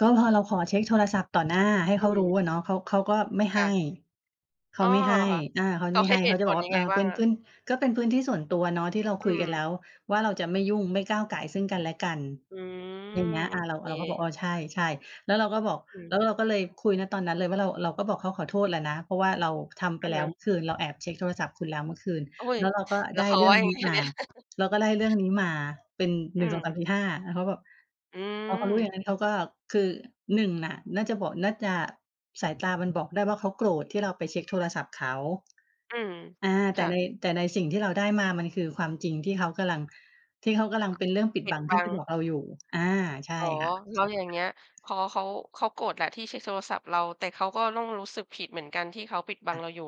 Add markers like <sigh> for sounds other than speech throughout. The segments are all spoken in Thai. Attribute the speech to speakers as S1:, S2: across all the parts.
S1: ก็พอเราขอเช็กโทรศัพท์ต่อหน้า ให้
S2: อ
S1: เข
S2: ื
S1: ารู้
S2: ม
S1: อะเนาะ เขา เขาก็ไม่
S2: ค
S1: ให
S2: ่
S1: ้
S2: ะ
S1: เข
S2: อ
S1: า
S2: ๋อ
S1: ไม่ให
S2: เห
S1: ้
S2: รอคะ?
S1: อา เขา
S2: ต
S1: จะ
S2: ่อ
S1: ไม่
S2: ให้
S1: ให้
S2: เห
S1: เขา
S2: ตุ
S1: จะ
S2: ผ
S1: บอก
S2: ล
S1: ว
S2: ย
S1: ่า
S2: ัง
S1: อ
S2: ไง
S1: า
S2: บ
S1: "เ
S2: ้
S1: ป
S2: าง
S1: ็น
S2: อะ?
S1: พื้น ก็เป็นพื้นที่ส่วนตัวเนาะที่เรา
S2: อื
S1: คุยกันแล
S2: ม
S1: ้วว่าเราจะไม่ยุ่ง ไม่ก้าวก่ายซึ่งกันและกัน"
S2: อืม
S1: อย่างเงี้ย
S2: โ
S1: อ
S2: อ
S1: า เรา
S2: เค
S1: เราก็บอก อา ใช
S2: ค่ะ
S1: ่ ๆ แล้วเราก็บอก
S2: อืม
S1: แล้วเราก็เลยคุย ณ ตอนนั้นเลยว่า เรา เราก็บอกเขาขอโทษแล้วนะ เพราะว่าเราทำไ
S2: อ
S1: ป
S2: ะ
S1: แล้
S2: ฮ
S1: ว
S2: ะ
S1: เมื่อคืน เราแอบเช็กโทรศัพท์คุณแล้วเมื่อคืน
S2: โอ๊ย
S1: แล้วเราก็
S2: แล
S1: ไ
S2: ้
S1: ด้
S2: วเขา
S1: เรื่
S2: ว
S1: อ
S2: ่
S1: ง
S2: ายั
S1: น
S2: ง
S1: ี้
S2: ไงค่
S1: ม
S2: ะ
S1: า
S2: เนี่ย? <chuckles>
S1: เราก็ได้เรื่องนี้มาเป็น
S2: อ
S1: ห
S2: ื
S1: นึ่งสองสาม
S2: ม
S1: สี่ห้า แล้วเขาก็แบบ
S2: อื
S1: พอเขารู้อย่าง
S2: ม
S1: นั้น เขาก็คือ 1 น่ะ น่าจะ บ น่าจะ สายตามันบอกได้ว่าเขาโกรธที่เราไปเช็กโทรศัพท์เขา
S2: อืม
S1: อา
S2: ค
S1: แต่
S2: ่
S1: ใน
S2: ะ
S1: แต่ในสิ่งที่เราได้มามันคือความจริงที่เขากำลัง ที่เขากำลังเป็นเรื่องปิด
S2: ปิ
S1: บั
S2: ด
S1: ง
S2: บ
S1: ที่
S2: ั
S1: ไม
S2: ง
S1: ่บอกเราอยู่ อา ใช่
S2: อ๋อ
S1: ค่ะ
S2: แล้วอย่างเงี้ย พอเขา เขาโกรธแหละที่เช็กโทรศัพท์เรา แต่เขาก็ต้องรู้สึกผิดเหมือนกันที่เขาปิดบั
S1: ค
S2: ง
S1: ่ะ
S2: เราอยู่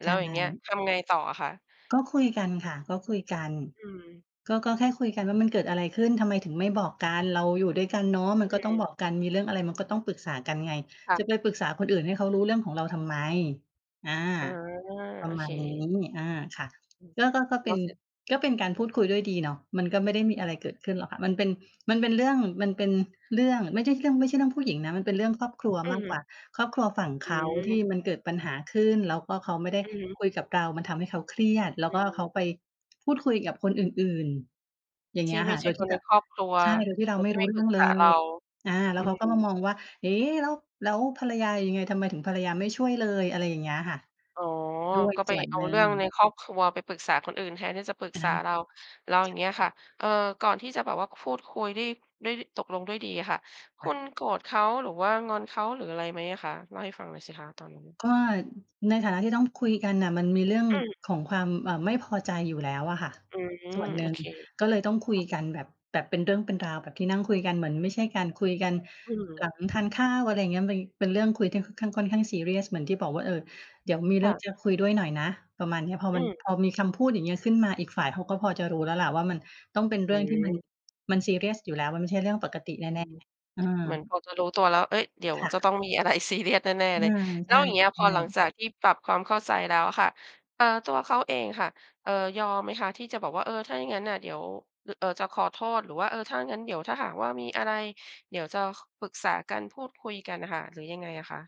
S2: แล
S1: ใ
S2: ้
S1: ช
S2: วอย่างเงี้ย
S1: ่
S2: ทำไงต่ออะคะ?
S1: ก็คุยกันค่ะ ก็คุยกัน
S2: อืม
S1: ก็ ก็แค่คุยกันว่า "มันเกิดอะไรขึ้น? ทำไมถึงไม่บอกกัน? เราอยู่ด้วยกันเนาะ มัน
S2: อื
S1: ก็ต้อง
S2: ม
S1: บอกกัน มีเรื่องอะไรมันก็ต้องปรึกษากันไง
S2: ค่
S1: จะ
S2: ะ
S1: ไปปรึกษาคนอื่นให้เขารู้เรื่องของเราทำไม?" อา
S2: อ๋อ
S1: ปร
S2: โอ
S1: ะม
S2: เ
S1: า
S2: ค
S1: ณนี้ อา ค่ะ
S2: อือ
S1: ก็ ก็ ก็เ
S2: แ
S1: ป
S2: ล
S1: ็
S2: ้
S1: น
S2: วเสร็จ
S1: ก็เป็นการพูดคุยด้วยดีเนาะ มันก็ไม่ได้มีอะไรเกิดขึ้นหรอกค่ะ มันเป็น มันเป็นเรื่อง มันเป็นเรื่อง ไม่ใช่เรื่อง ไม่ใช่เรื่องผู้หญิงนะ มันเป็นเรื่องครอบครัว
S2: อื
S1: มากก
S2: ม
S1: ว่า ครอบครัวฝั่ง
S2: อ
S1: เขาที่
S2: ืม
S1: มันเกิดปัญหาขึ้น แล้วก็เขาไม่ได้
S2: อือฮึ
S1: คุยกับเรา มันทำให้เขาเครียด แล้ว
S2: อ
S1: ก็เข
S2: ืม
S1: าไปพูดคุยกับคนอื่น ๆ อย่างเ
S2: ท
S1: งี
S2: ี
S1: ้
S2: ่
S1: ย
S2: ไ
S1: ค
S2: ม
S1: ่
S2: ่
S1: ะ
S2: ใ
S1: โ
S2: ช
S1: ด
S2: ่
S1: ยท
S2: ค
S1: ี่
S2: น
S1: แ
S2: ใ
S1: บ
S2: น
S1: บ
S2: ครอบครัว
S1: ใช่ โดยที่เรา
S2: คน
S1: ไม่
S2: ที่
S1: รู
S2: ไ
S1: ้
S2: ม่
S1: เร
S2: ป
S1: ื่
S2: รึ
S1: อง
S2: ก
S1: เ
S2: ษ
S1: ล
S2: าเรา
S1: ย อา แล้
S2: อ
S1: ว
S2: ื
S1: เขาก็มา
S2: ม
S1: มองว่า "เอ๊ะ แล้ว แล้วภรรยายังไง ทำไมถึงภรรยาไม่ช่วยเลย?" อะไรอย่างเงี้ยค่ะ
S2: อ๋อ
S1: ด้วย
S2: ก็ไ
S1: ส
S2: ป
S1: ่วน
S2: เอ
S1: ห
S2: า
S1: นึ่
S2: เรื่องใน
S1: ง
S2: ครอบครัวไปปรึกษาคนอื่นแทนที่จะปรึก
S1: อา
S2: ษาเรา แล้วอ
S1: ใ
S2: ย
S1: ช
S2: ่างเงี้ยค่ะ
S1: ่
S2: เอ่อ ก่อนที่จะแบบว่าพูดคุยได้ ได้ตกลงด้วยดีอะค่ะ คุ
S1: อ
S2: ณโกรธเขา หรือว่างอนเขา หรืออะไรไหมอะคะ? เล่าให้ฟังหน่อยสิคะตอนนั้น?
S1: ก็ในฐานะที่ต้องคุยกันน่ะ มันมีเรื่อง
S2: อืม
S1: ของความ เอ่อ ไม่พอใจอยู่แล้วอะค่ะ
S2: อื
S1: ส่
S2: ม
S1: วนห
S2: โ
S1: น
S2: อ
S1: ึ่ง
S2: เค
S1: ก็เลยต้องคุยกันแบบ แบบเป็นเรื่องเป็นราว แบบที่นั่งคุยกัน เหมือนไม่ใช่การคุยกัน
S2: อื
S1: ห
S2: ม
S1: ลังทานข้าว อะไรอย่างเงี้ย มี เป็นเรื่องคุยที่ค่อนข้าง ค่อนข้างซีเรียส เหมือนที่บอกว่า เอ่อ เดี๋ยวมีเ
S2: ค
S1: รื่
S2: ่
S1: อ
S2: ะ
S1: งจะคุยด้วยหน่อยนะ ประมาณนี้ พอ
S2: อื
S1: มัน
S2: ม
S1: พอมีคำพูดอย่างนี้ขึ้นมาอีกฝ่ายเขาก็พอจะรู้แล้วแหละว่ามันต้องเป็น
S2: อ
S1: เร
S2: ื
S1: ื่องที่มัน
S2: ม
S1: มันซีเรียสอยู่แล้ว มันไม่ใช่เรื่องปกติแ
S2: อื
S1: น่
S2: ม
S1: ๆ เออ
S2: เหมือนพอจะรู้ตัวแล้ว เอ๊ย เดี๋ยว
S1: ค่
S2: จะ
S1: ะ
S2: ต้องมี อะไรซีเรียส แน่
S1: อ
S2: ๆ
S1: า
S2: เลย แ
S1: ใ
S2: ล
S1: ช
S2: ้
S1: ่
S2: วอย่างเงี้ยพอหลัง
S1: ๆ
S2: จากที่ปรับความเข้าใจแล้วอะค่ะ เอ่อ ตัวเขาเองค่ะ เอ่อ ยอมไหมคะที่จะบอกว่า เออ ถ้าอย่างงั้นน่ะเดี๋ยว ร เอ่อ จะขอโทษ หรือว่า เออ ถ้างั้นเดี๋ยวถ้าหากว่ามีอะไร เดี๋ยวจะ ค ปรึกษากันพูดคุยกันอะค่ะ หรือยังไงอะคะ?